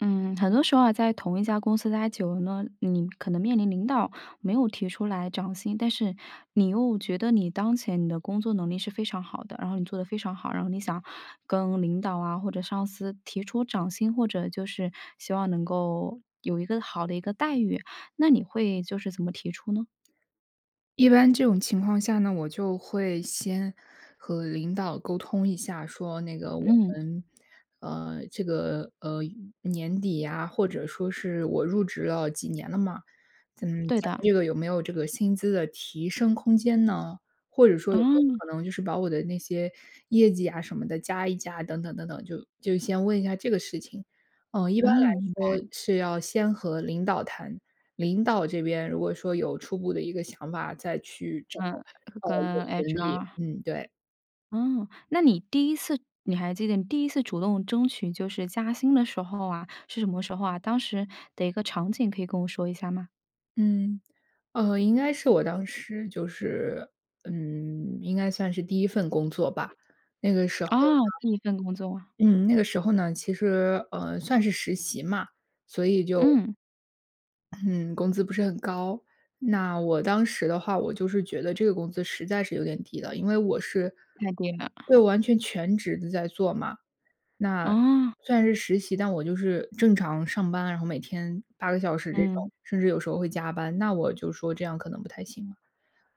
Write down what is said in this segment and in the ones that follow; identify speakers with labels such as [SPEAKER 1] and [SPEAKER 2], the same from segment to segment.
[SPEAKER 1] 嗯。很多时候啊，在同一家公司待久了呢，你可能面临领导没有提出来涨薪。但是你又觉得你当前你的工作能力是非常好的，然后你做得非常好，然后你想跟领导啊，或者上司提出涨薪，或者就是希望能够有一个好的一个待遇，那你会就是怎么提出呢？
[SPEAKER 2] 一般这种情况下呢，我就会先和领导沟通一下，说：“那个我
[SPEAKER 1] 嗯。
[SPEAKER 2] 们呃，这个，呃，年底呀，“或者说是：”我入职了几年了嘛，咱们
[SPEAKER 1] 对
[SPEAKER 2] 咱们
[SPEAKER 1] 的。
[SPEAKER 2] 这个有没有这个薪资的提升空间呢？“或者说：”有没有
[SPEAKER 1] 嗯。
[SPEAKER 2] 可能，就是把我的那些业绩啊什么的，加一加。”等等等等，就就先问一下这个事情。嗯，一般来
[SPEAKER 1] 嗯，明
[SPEAKER 2] 说，
[SPEAKER 1] 白。
[SPEAKER 2] 是要先和领导谈，领导这边，如果说有初步的一个想法，再去找，
[SPEAKER 1] 嗯，是
[SPEAKER 2] 呃，人
[SPEAKER 1] 跟
[SPEAKER 2] 人力。
[SPEAKER 1] HR。
[SPEAKER 2] 嗯，对。
[SPEAKER 1] 哦，那你第1次你还记得你第1次主动争取就是加薪的时候啊，是什么时候啊？当时的一个场景，可以跟我说一下吗？
[SPEAKER 2] 嗯，呃，应该是我当时就是嗯，应该算是第1份工作吧，那个时候
[SPEAKER 1] 哦，
[SPEAKER 2] 呢
[SPEAKER 1] 第1份工作。
[SPEAKER 2] 嗯，那个时候呢，其实，呃，算是实习嘛，所以就
[SPEAKER 1] 嗯。
[SPEAKER 2] 嗯，工资不是很高。那我当时的话，我就是觉得这个工资，实在是有点低的，因为我是
[SPEAKER 1] 太低了。
[SPEAKER 2] 对，完全全职地在做嘛，那
[SPEAKER 1] 哦。
[SPEAKER 2] 虽然是实习，但我就是正常上班，然后每天8个小时这种。
[SPEAKER 1] 嗯。
[SPEAKER 2] 甚至有时候会加班，那我就说这样可能不太行了。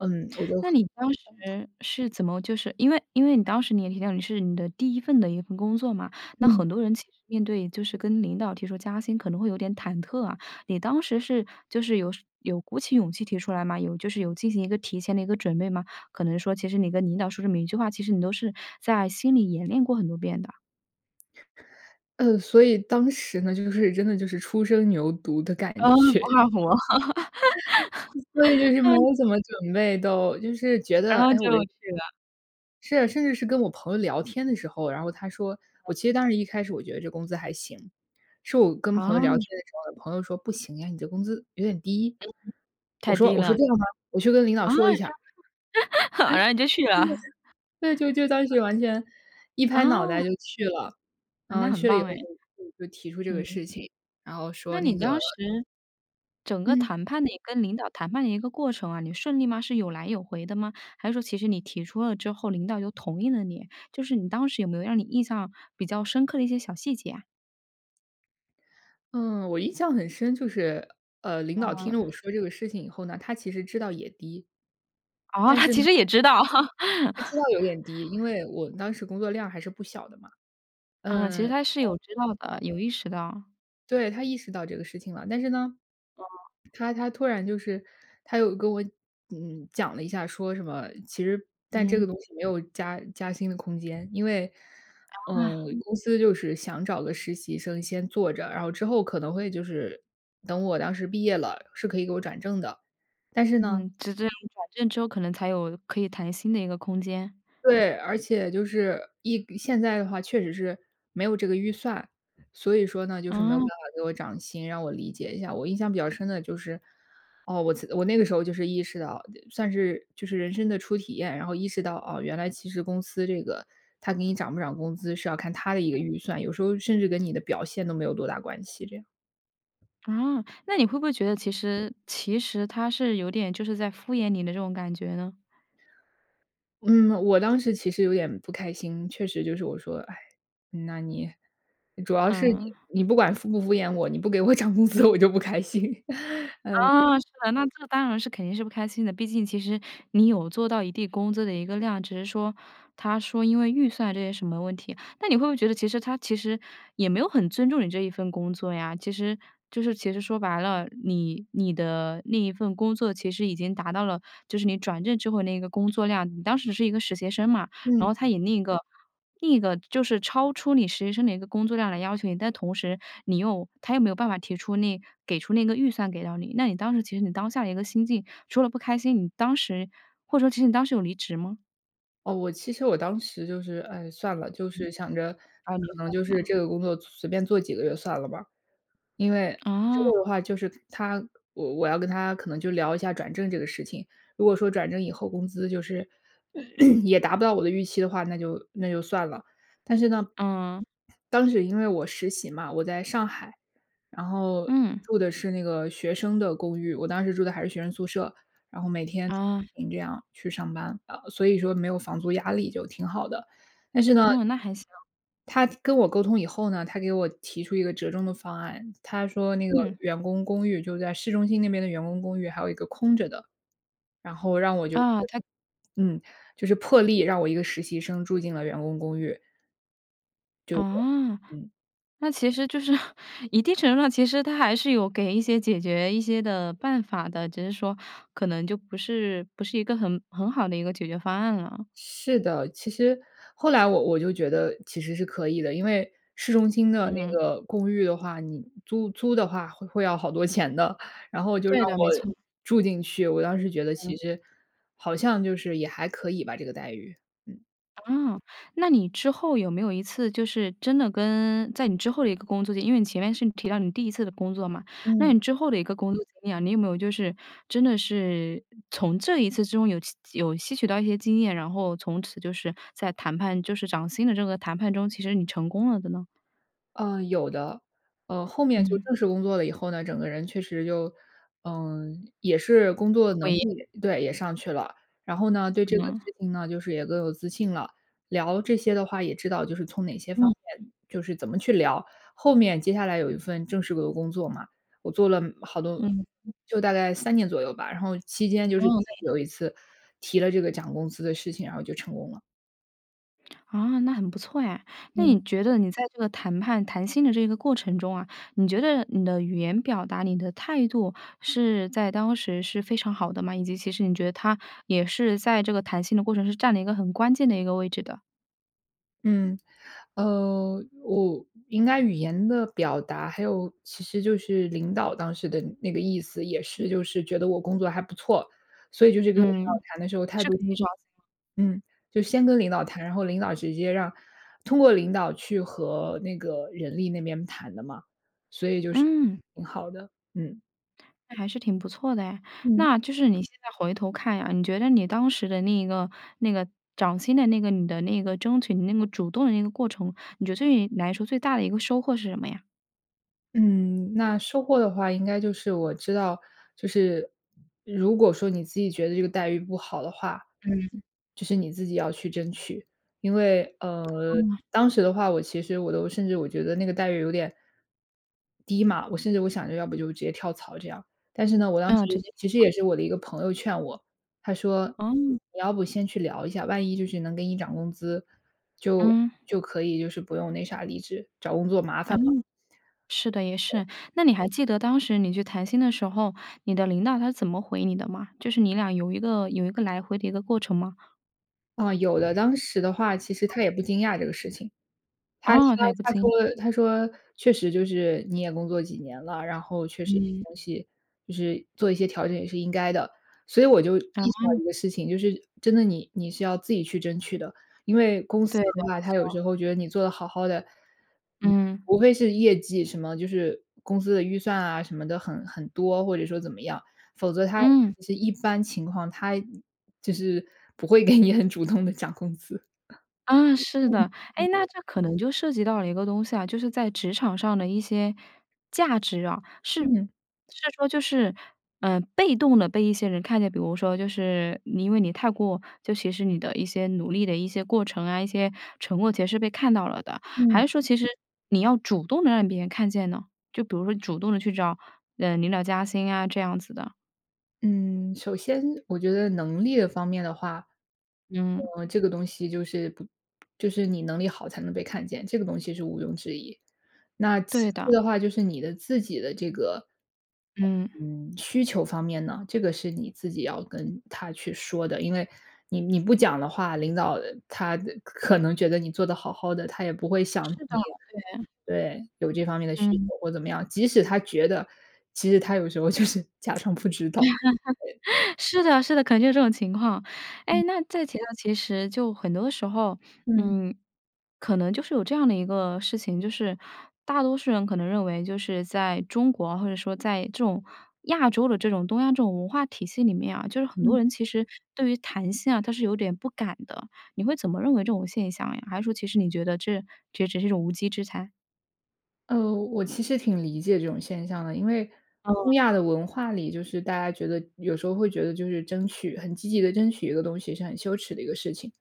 [SPEAKER 2] 嗯，我就
[SPEAKER 1] 那你当 时是怎么就是因为因为你当时，你也提到你是你的第1份的一份工作嘛，那
[SPEAKER 2] 嗯。
[SPEAKER 1] 很多人其实面对就是跟领导提出加薪，可能会有点忐忑啊。你当时是就是有是有鼓起勇气提出来吗？有就是有进行一个提前的一个准备吗？可能说其实你跟领导说这么一句话，其实你都是在心里演练过很多遍的。
[SPEAKER 2] 呃，所以当时呢，就是真的就是初生牛犊的感
[SPEAKER 1] 嗯，不
[SPEAKER 2] 觉。
[SPEAKER 1] 靠谱。
[SPEAKER 2] 所以就是 没
[SPEAKER 1] 嗯。
[SPEAKER 2] 有怎么准备都，就是觉
[SPEAKER 1] 然
[SPEAKER 2] 得，
[SPEAKER 1] 后
[SPEAKER 2] 哎，
[SPEAKER 1] 就
[SPEAKER 2] 我这
[SPEAKER 1] 去了。
[SPEAKER 2] 是啊，甚至是跟我朋友聊天的时候，然后他说
[SPEAKER 1] 嗯。
[SPEAKER 2] 我其实当时一开始，我觉得这工资还行。是我跟朋友聊天
[SPEAKER 1] 哦。
[SPEAKER 2] 的时候，我朋友说：“不行呀，你这工资有点低。”
[SPEAKER 1] 嗯，
[SPEAKER 2] 我
[SPEAKER 1] 太
[SPEAKER 2] 说
[SPEAKER 1] 低
[SPEAKER 2] 我说：
[SPEAKER 1] 了。
[SPEAKER 2] “这样吗？我去跟领导
[SPEAKER 1] 啊，
[SPEAKER 2] 说一下。”
[SPEAKER 1] 这 样，
[SPEAKER 2] 对。
[SPEAKER 1] 然后你就去了。
[SPEAKER 2] 对，就就当
[SPEAKER 1] 嗯。
[SPEAKER 2] 时完全一拍脑袋就
[SPEAKER 1] 哦。
[SPEAKER 2] 去了。
[SPEAKER 1] 嗯，那
[SPEAKER 2] 嗯，
[SPEAKER 1] 很
[SPEAKER 2] 去了以
[SPEAKER 1] 棒
[SPEAKER 2] 后
[SPEAKER 1] 哎。
[SPEAKER 2] 就就就提出这个
[SPEAKER 1] 嗯。
[SPEAKER 2] 事情，然后说
[SPEAKER 1] 那你
[SPEAKER 2] 那个
[SPEAKER 1] 当时，整个
[SPEAKER 2] 嗯。
[SPEAKER 1] 谈判的一你跟领导谈判的一个过程啊，你顺利吗？是有来有回的吗？还是说其实你提出了之后，领导又同意了你。就是你当时有没有让你印象比较深刻的一些小细节啊？
[SPEAKER 2] 嗯，我印象很深，就是，呃，领导听了我
[SPEAKER 1] 嗯。
[SPEAKER 2] 说这个事情以后呢，他其实知道也低。
[SPEAKER 1] 哦，
[SPEAKER 2] 但
[SPEAKER 1] 他
[SPEAKER 2] 是呢
[SPEAKER 1] 其实也知道。
[SPEAKER 2] 他知道 有点低，因为我当时工作量还是不小的嘛。
[SPEAKER 1] 嗯，
[SPEAKER 2] 嗯，
[SPEAKER 1] 其
[SPEAKER 2] 然
[SPEAKER 1] 实他是
[SPEAKER 2] 后
[SPEAKER 1] 有知道的，有意识到。
[SPEAKER 2] 对，他意识到这个事情了。但是呢，
[SPEAKER 1] 哦。
[SPEAKER 2] 他他突然就是他又跟我，嗯，讲了一下，说什么其实但这个
[SPEAKER 1] 嗯。
[SPEAKER 2] 东西没有加加薪的空间。因为，呃，
[SPEAKER 1] 啊。
[SPEAKER 2] 公司就是想找个实习生先做着，然后之后可能会就是等我当时毕业了，是可以给我转正的。但是呢
[SPEAKER 1] 嗯，直至你转正之后，可能才有可以谈薪的一个空间。
[SPEAKER 2] 对，而且就是一现在的话，确实是没有这个预算。所以说呢，就是没有办
[SPEAKER 1] 嗯。
[SPEAKER 2] 法给我涨薪，让我理解一下。我印象比较深的就是，哦，我辞我那个时候就是意识到，呃，算是就是人生的初体验，然后意识到，哦，原来其实公司这个它给你涨不涨工资，是要看它的一个
[SPEAKER 1] 嗯。
[SPEAKER 2] 预算，有时候甚至跟你的表现，都没有多大关系这样。
[SPEAKER 1] 啊，那你会不会觉得其实其实他是有点，就是在敷衍你的这种感觉呢？
[SPEAKER 2] 嗯，我当时其实有点不开心。确实就是我说，唉，那你主要是
[SPEAKER 1] 嗯。
[SPEAKER 2] 你你不管敷不敷衍我，你不给我涨工资，我就不开心。嗯。
[SPEAKER 1] 啊，是的。那这当然是肯定是不开心的，毕竟其实你有做到一定工资的一个量，只是说他说因为预算这些什么问题。那你会不会觉得其实他其实也没有很尊重你这一份工作呀？其实就是其实说白了，你你的那一份工作，其实已经达到了，就是你转正之后那一个工作量，你当时是一个实习生嘛。然
[SPEAKER 2] 嗯。
[SPEAKER 1] 后他以另一个另一个，就是超出你实习生的一个工作量来要求你，但同时你又他又没有办法提出那给出那个预算给到你。那你当时其实你当下的一个心境，除了不开心，你当时或者说其实你当时有离职吗？
[SPEAKER 2] 哦，我其实我当时就是唉，算了，就是想着
[SPEAKER 1] 啊，你就
[SPEAKER 2] 可能
[SPEAKER 1] 算
[SPEAKER 2] 就是这
[SPEAKER 1] 了。
[SPEAKER 2] 个工作随便做几个月算了吧。因为之
[SPEAKER 1] 嗯。
[SPEAKER 2] 后的话，就是他我我要跟他可能就聊一下转正这个事情，如果说转正以后工资就是，也达不到我的预期的话，那就那就算了。但是呢，
[SPEAKER 1] 嗯。
[SPEAKER 2] 当时因为我实习嘛，我在上海，然后
[SPEAKER 1] 嗯。
[SPEAKER 2] 住的是那个学生的公寓，我当时住的还是学生宿舍，然后每天
[SPEAKER 1] 啊。
[SPEAKER 2] 这样去上班啊，呃，所以说没有房租压力就挺好的。但是呢
[SPEAKER 1] 哦，那还行。
[SPEAKER 2] 他跟我沟通以后呢，他给我提出一个折中的方案，他说那个
[SPEAKER 1] 嗯。
[SPEAKER 2] 员工公寓就在市中心，那边的员工公寓还有一个空着的，然后让我就是
[SPEAKER 1] 啊，他
[SPEAKER 2] 嗯，就是破例，让我一个实习生住进了员工公寓。就是
[SPEAKER 1] 哦，
[SPEAKER 2] 这嗯。
[SPEAKER 1] 那其实就是一定程度上其实他还是有给一些解决一些的办法的，只是说，可能就不是不是一个很很好的一个解决方案了。
[SPEAKER 2] 是的。其实，后来我我就觉得其实是可以的，因为市中心的
[SPEAKER 1] 嗯
[SPEAKER 2] 那
[SPEAKER 1] 哼。
[SPEAKER 2] 个公寓的话，你租租的话会会要好多钱的。然后就让
[SPEAKER 1] 对的，没
[SPEAKER 2] 我
[SPEAKER 1] 错。
[SPEAKER 2] 住进去，我当时觉得其
[SPEAKER 1] 嗯。
[SPEAKER 2] 实好像就是也还可以吧，这个待遇。嗯。
[SPEAKER 1] 啊，那你之后有没有一次，就是真的跟在你之后的一个工作里，因为你前面是你提到你第1次的工作嘛，那
[SPEAKER 2] 嗯。
[SPEAKER 1] 你之后的一个工作经验，你有没有就是真的是从这一次之中有吸有吸取到一些经验，然后从此就是在谈判就是涨薪的这个谈判中，其实你成功了的呢？
[SPEAKER 2] 呃，有的。呃，后面就
[SPEAKER 1] 嗯。
[SPEAKER 2] 正式工作了以后呢，整个人确实就嗯，也是工作能 力对，也上去了。然后呢，对这个
[SPEAKER 1] 嗯。
[SPEAKER 2] 事情呢，就是也更有自信了，聊这些的话，也知道就是从哪些方
[SPEAKER 1] 嗯。
[SPEAKER 2] 面就是怎么去聊。后面接下来有一份正式的工作嘛，我做了好多
[SPEAKER 1] 嗯。
[SPEAKER 2] 就大概3年左右吧，然后期间就
[SPEAKER 1] 嗯。
[SPEAKER 2] 是
[SPEAKER 1] 那也
[SPEAKER 2] 有一次
[SPEAKER 1] 挺
[SPEAKER 2] 提了这个涨工资的事情，然后就成功了。
[SPEAKER 1] 啊，那很不错诶。那你
[SPEAKER 2] 嗯。
[SPEAKER 1] 觉得你在这个谈判、谈薪的这个过程中啊，你觉得你的语言表达、你的态度，是在当时是非常好的吗？以及其实你觉得它，也是在这个谈薪的过程，是占了一个很关键的一个位置的？
[SPEAKER 2] 嗯，呃，我应该语言的表达，还有其实就是领导当时的那个意思，也是就是觉得我工作还不错，所以就是跟领导
[SPEAKER 1] 嗯，
[SPEAKER 2] 谈的时候态
[SPEAKER 1] 是
[SPEAKER 2] 度
[SPEAKER 1] 可以找一下。
[SPEAKER 2] 嗯，就先跟领导谈，然后领导直接让通过领导去和那个人力那边谈的嘛，所以就是
[SPEAKER 1] 嗯。
[SPEAKER 2] 挺好的，嗯。
[SPEAKER 1] 那还是挺不错的诶。
[SPEAKER 2] 嗯。
[SPEAKER 1] 那就是你现在回头看呀，你觉得你当时的那一个那个涨薪的那个，你的那个争取的那个主动的那个过程，你觉得对于你来说，最大的一个收获是什么呀？
[SPEAKER 2] 嗯，那收获的话应该就是，我知道就是如果说你自己觉得这个待遇不好的话，
[SPEAKER 1] 嗯。
[SPEAKER 2] 就是你自己要去争取。因为，呃，
[SPEAKER 1] 哦。
[SPEAKER 2] 当时的话我其实我都甚至我觉得那个待遇有点低嘛。我甚至我想着要不就直接跳槽这样。但是呢，我当时
[SPEAKER 1] 嗯，直接
[SPEAKER 2] 其实
[SPEAKER 1] 跳槽。
[SPEAKER 2] 也是我的一个朋友劝我，他说
[SPEAKER 1] 哦。
[SPEAKER 2] 你要不先去聊一下，万一就是能给你涨工资，就
[SPEAKER 1] 嗯。
[SPEAKER 2] 就可以就是不用那啥离职，找工作麻烦了。
[SPEAKER 1] 嗯，是的，也是。那你还记得当时你去谈薪的时候，你的领导他是怎么回你的吗？就是你俩有一个有一个来回的一个过程吗？
[SPEAKER 2] 啊，有的，当时的话其实他
[SPEAKER 1] 嗯。
[SPEAKER 2] 也不惊讶这个事情。他说
[SPEAKER 1] 哦，他也不
[SPEAKER 2] 他
[SPEAKER 1] 听，啊。
[SPEAKER 2] 说他说：“确实就是你也工作几年了，然后确实
[SPEAKER 1] 嗯。
[SPEAKER 2] 东西就是做一些调整也是应该的。”所以我就意识到
[SPEAKER 1] 哦。
[SPEAKER 2] 一个事情，就是真的你你是要自己去争取的，因为公司
[SPEAKER 1] 对的，
[SPEAKER 2] 的话，
[SPEAKER 1] 没
[SPEAKER 2] 它有
[SPEAKER 1] 错。
[SPEAKER 2] 时候觉得你做得好好的，嗯，
[SPEAKER 1] 嗯。
[SPEAKER 2] 除非是业绩什么就是公司的预算啊，什么的很很多，或者说怎么样。否则它
[SPEAKER 1] 嗯。
[SPEAKER 2] 其实一般情况，它就是不会给你很主动地涨工资，啊，嗯，嗯，
[SPEAKER 1] 啊，是的。哎，那
[SPEAKER 2] 嗯。
[SPEAKER 1] 这可能就涉及到了一个东西啊，就是在职场上的一些价值啊，是是
[SPEAKER 2] 嗯。
[SPEAKER 1] 说就是，呃，被动地被一些人看见，比如说就是你因为你太过就其实你的一些努力的一些过程啊、一些成果其实是被看到了的。还
[SPEAKER 2] 嗯。
[SPEAKER 1] 是说其实，你要主动地让别人看见呢？就比如说你主动地去找，呃，领导加薪啊，这样子的。
[SPEAKER 2] 嗯，首先我觉得能力的方面的话。
[SPEAKER 1] 嗯。
[SPEAKER 2] 呃，这个东西就是不就是你能力好，才能被看见，这个东西是毋庸置疑。那其
[SPEAKER 1] 对
[SPEAKER 2] 次
[SPEAKER 1] 的。
[SPEAKER 2] 的话，就是你的自己的这个，
[SPEAKER 1] 嗯。
[SPEAKER 2] 嗯，需求方面呢，这个是你自己要跟他去说的，因为你你不讲的话，领导，呃，他，呃，可能觉得你做得好好的，他也不会想
[SPEAKER 1] 是的，
[SPEAKER 2] 你对，有这方面的
[SPEAKER 1] 对。
[SPEAKER 2] 需求，
[SPEAKER 1] 嗯。
[SPEAKER 2] 或怎么样。即使他觉得，其实他有时候就是假装不知道。对。
[SPEAKER 1] 是的，是的，可能就这种情况。
[SPEAKER 2] 嗯。
[SPEAKER 1] 哎，那再提到其实就很多的时候，
[SPEAKER 2] 嗯。
[SPEAKER 1] 嗯，可能就是有这样的一个事情，就是大多数人可能认为就是在中国，或者说在这种亚洲的这种东亚这种文化体系里面啊，就是很多
[SPEAKER 2] 嗯。
[SPEAKER 1] 人其实对于谈薪啊，他是有点不敢的，你会怎么认为这种现象呀？还是说其实你觉得这这也只是一种无稽之谈。
[SPEAKER 2] 呃，我其实挺理解这种现象的，因为
[SPEAKER 1] 哦。
[SPEAKER 2] 东亚的文化里就是大家觉得有时候会觉得就是争取很积极地争取一个东西，是很羞耻的一个事情。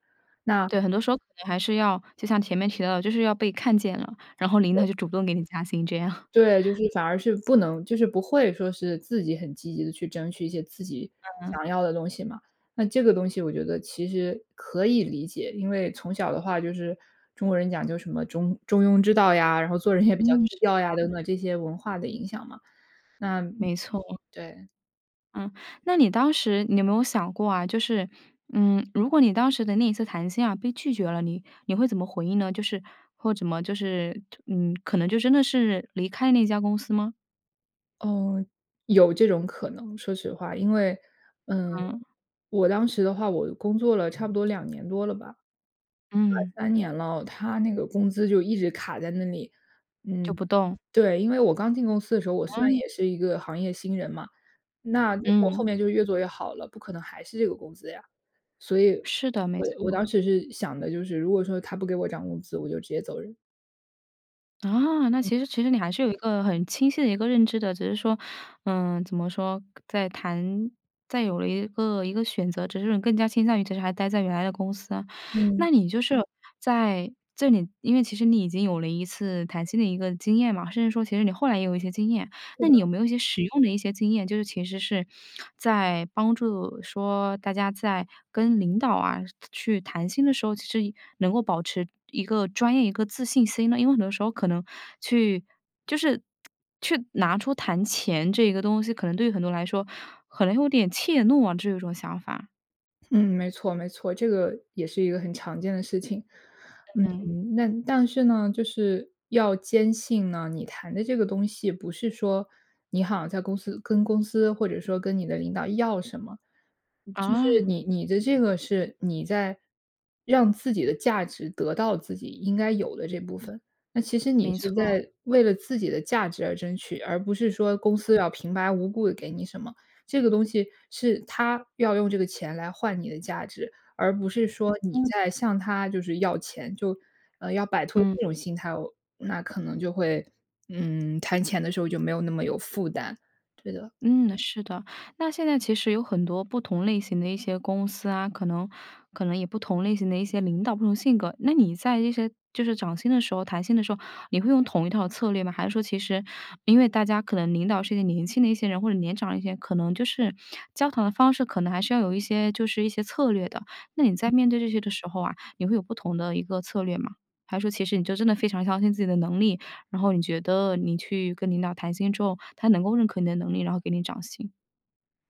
[SPEAKER 2] 那
[SPEAKER 1] 对，很多时候可能还是要就像前面提到的，就是要被看见了，然后领
[SPEAKER 2] 对。
[SPEAKER 1] 导就主动给你加薪这样。
[SPEAKER 2] 对，就是 反而是不能就是不会说是自己很积极地去争取一些，自己
[SPEAKER 1] 嗯。
[SPEAKER 2] 想要的东西嘛。那这个东西我觉得其实可以理解，因为从小的话就是中国人讲究什么中中庸之道呀，然后做人也比较
[SPEAKER 1] 嗯，
[SPEAKER 2] 低
[SPEAKER 1] 是
[SPEAKER 2] 调呀，等
[SPEAKER 1] 的。
[SPEAKER 2] 等这些文化的影响嘛。那嗯，
[SPEAKER 1] 没错。
[SPEAKER 2] 对。
[SPEAKER 1] 嗯。那你当时，你有没有想过啊，就是，嗯，如果你当时的那一次谈薪啊，被拒绝了，你你会怎么回应呢？就是或怎么就是特嗯，可能就真的是离开那家公司吗？
[SPEAKER 2] 嗯，有这种可能，说实话。因为嗯，
[SPEAKER 1] 嗯。
[SPEAKER 2] 我当时的话，我工作了差不多2年多了吧，快
[SPEAKER 1] 嗯。
[SPEAKER 2] 3年了，它那个工资就一直卡在那里。
[SPEAKER 1] 就
[SPEAKER 2] 嗯，
[SPEAKER 1] 不动。
[SPEAKER 2] 对，因为我刚进公司的时候，我虽然
[SPEAKER 1] 嗯。
[SPEAKER 2] 也是一个行业新人嘛。那结果我后
[SPEAKER 1] 嗯。
[SPEAKER 2] 面就越做越好了，不可能还是这个工资呀。所以
[SPEAKER 1] 是的，没
[SPEAKER 2] 我我当
[SPEAKER 1] 错。
[SPEAKER 2] 时是想的，就是如果说他不给我涨工资，我就直接走人。
[SPEAKER 1] 啊，那
[SPEAKER 2] 嗯。
[SPEAKER 1] 其实其实你还是有一个很清晰的一个认知的，只是说，呃，怎么说，在谈在有了一个一个选择，只是你更加倾向于其实还待在原来的公司。
[SPEAKER 2] 嗯。
[SPEAKER 1] 那你就是在这里因为其实你已经有了一次谈薪的一个经验嘛，甚至说其实你后来也有一些经验，
[SPEAKER 2] 是
[SPEAKER 1] 那
[SPEAKER 2] 的。
[SPEAKER 1] 你有没有一些实用的一些经验，就是其实是 在帮助说大家在跟领导啊，是去谈薪的时候，其实也能够保持一个专业、一个自信心呢？因为很多时候可能去就是去拿出谈钱这个东西，可能对于很多人来说，可能有点怯懦啊，这有种想法。
[SPEAKER 2] 嗯，没错没错，这个也是一个很常见的事情。
[SPEAKER 1] 嗯。
[SPEAKER 2] 嗯，那但是呢，就是要坚信呢，你谈的这个东西，不是说你好像在公司跟公司或者说跟你的领导要什么。就是
[SPEAKER 1] 啊。
[SPEAKER 2] 你你的这个是，你在让自己的价值得到自己应该有的这部分。那其实你
[SPEAKER 1] 没
[SPEAKER 2] 是
[SPEAKER 1] 错。
[SPEAKER 2] 在为了自己的价值而争取，而不是说公司要平白无故地给你什么，这个东西是它要用这个钱来换你的价值，而不是说
[SPEAKER 1] 嗯
[SPEAKER 2] 你
[SPEAKER 1] 哼。
[SPEAKER 2] 在向它就是要钱，就呃，要摆脱
[SPEAKER 1] 嗯。
[SPEAKER 2] 这种心态，那可能就会嗯，谈钱的时候就没有那么有负担，对的。
[SPEAKER 1] 嗯，是的，那现在其实有很多不同类型的一些公司啊，可能可能也不同类型的一些领导，不同性格，那你在这些就是涨薪的时候、谈薪的时候，你会用同一套策略吗？还是说其实因为大家可能领导是一个年轻的一些人，或者年长一些，可能就是交谈的方式，可能还是要有一些就是一些策略的。那你在面对这些的时候啊，你会有不同的一个策略吗？还是说，其实你就真的非常相信自己的能力，然后你觉得你去跟领导谈薪之后，他能够认可你的能力，然后给你涨薪？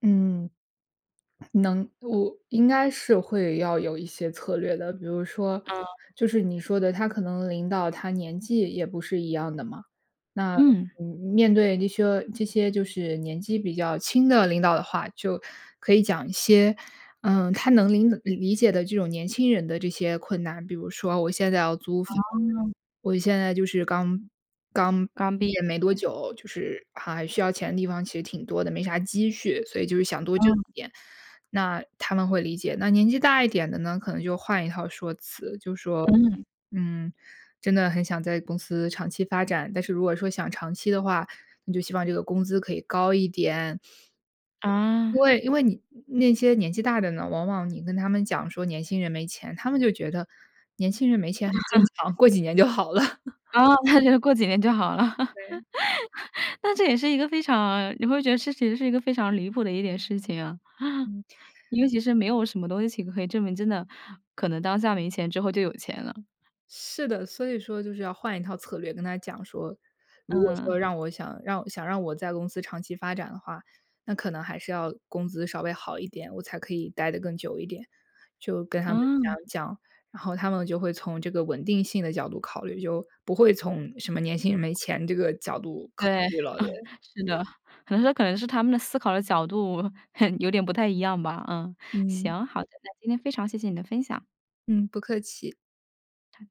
[SPEAKER 2] 嗯，能我应该是会要有一些策略的，比如说，
[SPEAKER 1] 嗯。
[SPEAKER 2] 就是你说的，他可能领导他年纪也不是一样的嘛。那，
[SPEAKER 1] 嗯。
[SPEAKER 2] 嗯，面对那些这些就是年纪比较轻的领导的话，就可以讲一些，嗯，他能领理解的这种年轻人的这些困难。比如说我现在要租房，
[SPEAKER 1] 哦。
[SPEAKER 2] 我现在就是刚刚
[SPEAKER 1] 刚
[SPEAKER 2] 毕
[SPEAKER 1] 毕业。
[SPEAKER 2] 业没多 久，就是还还需要钱的地方其实挺多的，没啥积蓄，所以就是想多挣
[SPEAKER 1] 嗯。
[SPEAKER 2] 一点，那他们会理解。那年纪大一点的呢，可能就换一套说辞，就说，
[SPEAKER 1] 嗯。
[SPEAKER 2] 嗯，真的很想在公司长期发展，但是如果说想长期的话，你就希望这个工资可以高一点。因
[SPEAKER 1] 啊。
[SPEAKER 2] 为因为你那些年纪大的呢，往往你跟他们讲说年轻人没钱，他们就觉得年轻人没钱很正 常，过几年就好了。
[SPEAKER 1] 哦，那就过几年就好了。
[SPEAKER 2] 对。
[SPEAKER 1] 但这也是一个非常你会觉得这其实是一个非常离谱的一件事情啊。
[SPEAKER 2] 嗯。
[SPEAKER 1] 因为其实没有什么东西，可以证明真的 可能当下没钱，之后就有钱了。
[SPEAKER 2] 是的，所以说就是要换一套策略跟他讲说：“如果
[SPEAKER 1] 嗯。
[SPEAKER 2] 说让我想让我想让我在公司长期发展的话，那可能还是要工资稍微好一点，我才可以待得更久一点。”就跟他们
[SPEAKER 1] 嗯。
[SPEAKER 2] 讲讲，然后他们就会从这个稳定性的角度考虑，就不会从什么年轻人没钱这个角度考
[SPEAKER 1] 对，嗯，
[SPEAKER 2] 虑了，对。
[SPEAKER 1] 是的。可能说可能是他们的思考的角度，很有点不太一样吧，嗯。
[SPEAKER 2] 嗯。
[SPEAKER 1] 行，好的。那今天非常谢谢你的分享。
[SPEAKER 2] 嗯，不客气。
[SPEAKER 1] 好的。